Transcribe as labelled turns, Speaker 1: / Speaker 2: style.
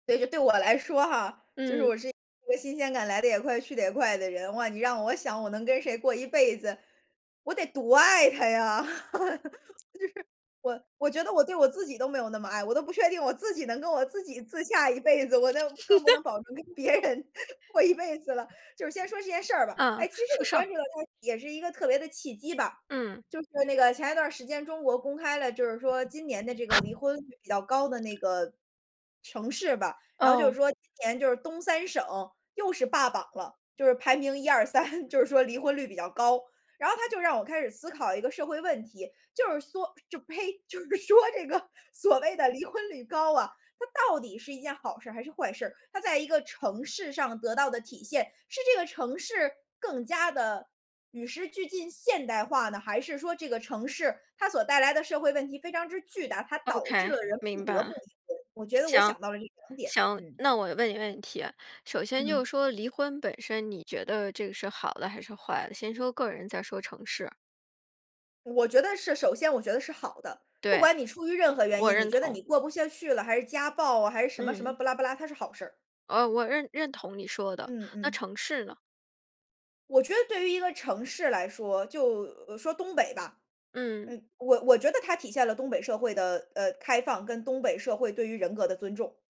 Speaker 1: 所以说对我来说哈，就是
Speaker 2: 嗯。
Speaker 1: 我是一个新鲜感来得也快，去得也快的人。哇，你让我想我能跟谁过一辈子，我得多爱他呀，就是。我我觉得我对我自己都没有那么爱，我都不确定我自己能跟我自己自洽一辈子，我那更不能 保证跟别人过一辈子了。就是先说这件事儿吧，
Speaker 2: 嗯，
Speaker 1: 哎，其实
Speaker 2: 说
Speaker 1: 我
Speaker 2: 说事
Speaker 1: 关
Speaker 2: 儿。
Speaker 1: 注到它也是一个特别的契机吧，
Speaker 2: 嗯。
Speaker 1: 就是那个前一段儿时间中国公开了，就是说今年的这个离婚率比较高的那个城市吧，然后就
Speaker 2: 哦。
Speaker 1: 是说，今年就是东三省，又是霸榜了，就是排名1、2、3，就是说离婚率比较高。然后它就让我开始思考一个社会问题，就是缩就呸，就是说这个所谓的离婚率高啊，它到底是一件好事还是坏事？它在一个城市上得到的体现，是这个城市更加地与时俱进现代化呢，还是说这个城市，它所带来的社会问题非常之巨大，它导致
Speaker 2: OK，
Speaker 1: 了人不
Speaker 2: 明
Speaker 1: 得
Speaker 2: 白。
Speaker 1: 不离婚，我觉得我
Speaker 2: 行，
Speaker 1: 想到了这两点。
Speaker 2: 行，
Speaker 1: 嗯。
Speaker 2: 那我问你个问题。首先就
Speaker 1: 嗯。
Speaker 2: 是说离婚本身，你觉得这个是好的还是坏的，先说个人再说城市。
Speaker 1: 我觉得是首先我觉得是好的，不
Speaker 2: 对，
Speaker 1: 管你出于任何原
Speaker 2: 我
Speaker 1: 因，你
Speaker 2: 认
Speaker 1: 觉得
Speaker 2: 同。
Speaker 1: 你过不下去了，还是家暴啊，还是什么什么
Speaker 2: 嗯。
Speaker 1: 不拉不拉它是好事儿。
Speaker 2: 哦，我认认同你说的。
Speaker 1: 嗯
Speaker 2: 那
Speaker 1: 嗯。
Speaker 2: 城市呢？
Speaker 1: 我觉得对于一个城市来说，就呃，说东北吧，
Speaker 2: 嗯。
Speaker 1: 呃，我我觉得它体现了东北社会的，呃，开放跟东北社会对于人格的尊重。